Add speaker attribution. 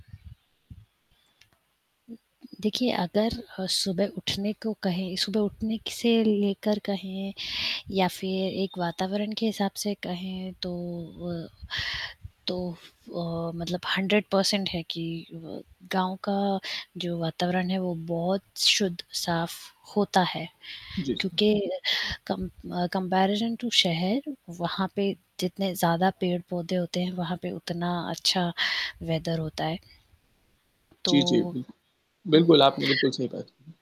Speaker 1: देखिए, अगर अ, सुबह उठने को कहें सुबह उठने से लेकर कहें या फिर एक वातावरण के हिसाब से कहें, तो अ, तो अ, मतलब 100% है कि व गाँव का जो वातावरण है, वो बहुत शुद्ध साफ होता है,
Speaker 2: जी, जी।
Speaker 1: क्योंकि कम अ, कंपैरिज़न टू शहर, वहाँ पे जितने ज़्यादा पेड़-पौधे होते हैं, वहाँ पे उतना अच्छा वेदर होता है।
Speaker 2: जी, जी,
Speaker 1: तो
Speaker 2: बिलकु
Speaker 1: हुँ
Speaker 2: बिल्कुल आपने बिल्कुल सही बात बोली।